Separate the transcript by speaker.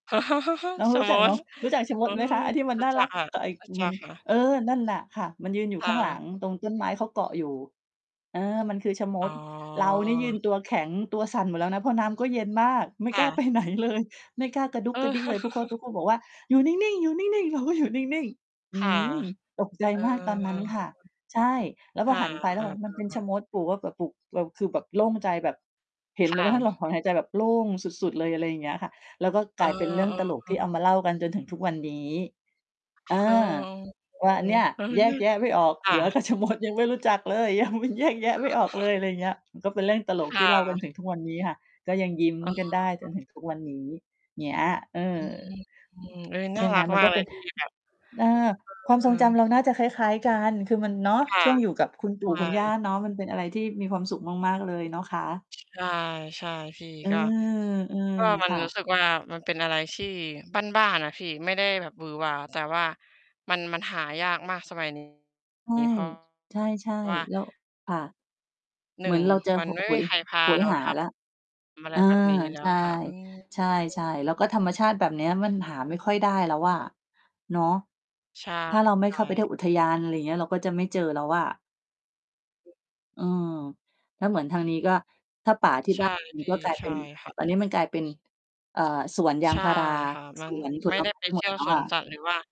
Speaker 1: น้อง
Speaker 2: ชะ
Speaker 1: รู้จ
Speaker 2: ม
Speaker 1: ักเ
Speaker 2: ด
Speaker 1: นาะ รู้จักชะม
Speaker 2: โอ๊
Speaker 1: ดไหมคะ?
Speaker 2: ย
Speaker 1: ไอ้ที่มั
Speaker 2: ร
Speaker 1: น
Speaker 2: ู
Speaker 1: น
Speaker 2: ้
Speaker 1: ่า
Speaker 2: จั
Speaker 1: ร
Speaker 2: ก
Speaker 1: ัก
Speaker 2: ค่ะ
Speaker 1: ก็ไอ้
Speaker 2: รู้ จ
Speaker 1: ม
Speaker 2: ั
Speaker 1: ั
Speaker 2: ก
Speaker 1: น
Speaker 2: ค่ะ
Speaker 1: เออ นั่นน่ะค่ะ มันยืนอยู
Speaker 2: ค
Speaker 1: ่
Speaker 2: ่
Speaker 1: ข้างหล
Speaker 2: ะ
Speaker 1: ังตรงต้นไม้ เขาเกาะอยู่ เออ มันคือชะม
Speaker 2: อ๋
Speaker 1: ด เรานี่ยื
Speaker 2: อ
Speaker 1: นตัวแข็ง ตัวสั่นหมดแล้วนะ เพราะน้ำก็เย็นมาก ไม่
Speaker 2: ค
Speaker 1: ก
Speaker 2: ่
Speaker 1: ล้า ไป
Speaker 2: ะ
Speaker 1: ไหนเลย ไม่กล้ากระดุก
Speaker 2: เอ
Speaker 1: กระ
Speaker 2: อ
Speaker 1: ดิกเลย ทุก ค ทุกคนบอกว่า "อยู่นิ่ง ๆ อยู่นิ่ง ๆ" เราก็อยู่นิ่ง ๆ อ
Speaker 2: ค
Speaker 1: ื
Speaker 2: ่ะ
Speaker 1: ม ตกใจ
Speaker 2: เออ
Speaker 1: มากตอนนั้นค
Speaker 2: ๆ
Speaker 1: ่ะ ใช่ แล้ว
Speaker 2: ค
Speaker 1: พอ
Speaker 2: ่ะ
Speaker 1: หันไปแ
Speaker 2: เ
Speaker 1: ล
Speaker 2: อ
Speaker 1: ้ว
Speaker 2: อ
Speaker 1: บอกมันเป็นช
Speaker 2: ๆ
Speaker 1: ะ
Speaker 2: ๆ
Speaker 1: มด ขู่ว่า แบบขู่ เราคือแบบโล่งใจ แบบเห็น
Speaker 2: ค
Speaker 1: เลย
Speaker 2: ่
Speaker 1: ว่านั่นเร
Speaker 2: ะ
Speaker 1: าถอนหายใจแบบโล่งสุด ๆ เลย อะไรอย่างเงี้ยค่ะ แล้วก็
Speaker 2: เอ
Speaker 1: ก
Speaker 2: อ
Speaker 1: ลายเป็นเรื่องตล
Speaker 2: เ
Speaker 1: ก
Speaker 2: อ
Speaker 1: ที่
Speaker 2: อ
Speaker 1: เอามาเล่ากันจนถึงทุกวันนี้
Speaker 2: ค
Speaker 1: อา
Speaker 2: เออ ๆ อื
Speaker 1: ว่า
Speaker 2: ม
Speaker 1: เนี่ย
Speaker 2: เออ
Speaker 1: แย
Speaker 2: น
Speaker 1: ก
Speaker 2: ะ
Speaker 1: แยะไม่ออก
Speaker 2: ค
Speaker 1: เส
Speaker 2: ่
Speaker 1: ือก
Speaker 2: ะ
Speaker 1: ับ ชะมด ยังไม่รู้จักเลย ยัง แยกแยะไม่ออกเลย อะไรเงี้ย ก็เป็นเรื่องตลก
Speaker 2: ค
Speaker 1: ท
Speaker 2: ่
Speaker 1: ี่เล่ากัน
Speaker 2: ะ
Speaker 1: ถึงทุกวันนี้ค่ะ ก็ยังยิ้ม
Speaker 2: อ๋
Speaker 1: กัน
Speaker 2: อ
Speaker 1: ได้จนถึงทุกวันนี้ เงี้ย เออ
Speaker 2: เออ
Speaker 1: ใ
Speaker 2: น่
Speaker 1: ช
Speaker 2: า
Speaker 1: ่ไห
Speaker 2: ร
Speaker 1: ม
Speaker 2: ัก
Speaker 1: มั
Speaker 2: ม
Speaker 1: น
Speaker 2: า
Speaker 1: ก
Speaker 2: ก
Speaker 1: ็
Speaker 2: เล
Speaker 1: เป
Speaker 2: ย
Speaker 1: ็น
Speaker 2: ที่แบบ
Speaker 1: เออ ความ
Speaker 2: เอ
Speaker 1: ทรงจ
Speaker 2: อ
Speaker 1: ำเราน่าจะคล้าย ๆ กัน คือมัน เนาะ
Speaker 2: ค่ะ
Speaker 1: ช่วงอยู่กับคุณ
Speaker 2: ใ
Speaker 1: ป
Speaker 2: ช
Speaker 1: ู่ค
Speaker 2: ่
Speaker 1: ุณย่าเนาะ มันเป็นอะไรที่มีความสุขมาก ๆ เลยเนาะคะ
Speaker 2: ใช่ ๆ พี่
Speaker 1: เออ
Speaker 2: ก็ ก็มั
Speaker 1: ๆ
Speaker 2: น
Speaker 1: ค่
Speaker 2: รู้
Speaker 1: ะ
Speaker 2: สึกว่า มันเป็นอะไรที่บ้าน ๆ อะพี่ ไม่ได้แบบหวือหวา แต่ว่ามัน มันหายากมากสมัย นี
Speaker 1: ใช่
Speaker 2: ้ เพราะ
Speaker 1: ใช่
Speaker 2: ว่า
Speaker 1: ๆ แล้ว ค่ะ
Speaker 2: ห
Speaker 1: เ
Speaker 2: น
Speaker 1: หมื
Speaker 2: ึ่
Speaker 1: อ
Speaker 2: ง
Speaker 1: นเราจะ
Speaker 2: มั
Speaker 1: ห
Speaker 2: นไม่
Speaker 1: โห
Speaker 2: มี
Speaker 1: ย
Speaker 2: ใครพ
Speaker 1: โ
Speaker 2: า
Speaker 1: หย
Speaker 2: เรา
Speaker 1: หา
Speaker 2: ท
Speaker 1: แล้ว
Speaker 2: ำ อะ
Speaker 1: เ
Speaker 2: ไ
Speaker 1: อ
Speaker 2: ร
Speaker 1: อ
Speaker 2: แบบนี้แล
Speaker 1: ใ
Speaker 2: ้
Speaker 1: ช
Speaker 2: ว
Speaker 1: ่
Speaker 2: อะค่ะ อืม
Speaker 1: ใช่ ๆ แล้วก็ธรรมชาติแบบเนี้ยมันหาไม่ค่อยได้แล้วอะ เนาะ
Speaker 2: ใช่
Speaker 1: ถ้าเราไม่
Speaker 2: ใช
Speaker 1: เ
Speaker 2: ่
Speaker 1: ข้าไปเที่ย
Speaker 2: ค
Speaker 1: ว
Speaker 2: ่
Speaker 1: อุ
Speaker 2: ะ
Speaker 1: ทยาน อะไรอย่างเงี้ย เราก็จะไม่เจอแล้วอะ อืม แล้วเหมือนทางนี้ก็ ถ้าป่าที่
Speaker 2: ใช
Speaker 1: บ
Speaker 2: ่
Speaker 1: ้าน อื่
Speaker 2: พ
Speaker 1: น
Speaker 2: ี่
Speaker 1: ก็กลาย
Speaker 2: ใช
Speaker 1: เป็
Speaker 2: ่
Speaker 1: น
Speaker 2: ค่ะ
Speaker 1: ตอนนี้มันกลายเป็น เอ่อ สวนยา
Speaker 2: ใ
Speaker 1: ง
Speaker 2: ช่
Speaker 1: พารา
Speaker 2: ค่ะ มั
Speaker 1: ส
Speaker 2: น
Speaker 1: วนผ
Speaker 2: ไม่
Speaker 1: ล
Speaker 2: ได
Speaker 1: ไ
Speaker 2: ้
Speaker 1: ม้
Speaker 2: ไป
Speaker 1: ห
Speaker 2: เ
Speaker 1: ม
Speaker 2: ที
Speaker 1: ด
Speaker 2: ่ยว
Speaker 1: แล้ว
Speaker 2: สว
Speaker 1: ค่
Speaker 2: น
Speaker 1: ะ
Speaker 2: สัตว์หรือว่า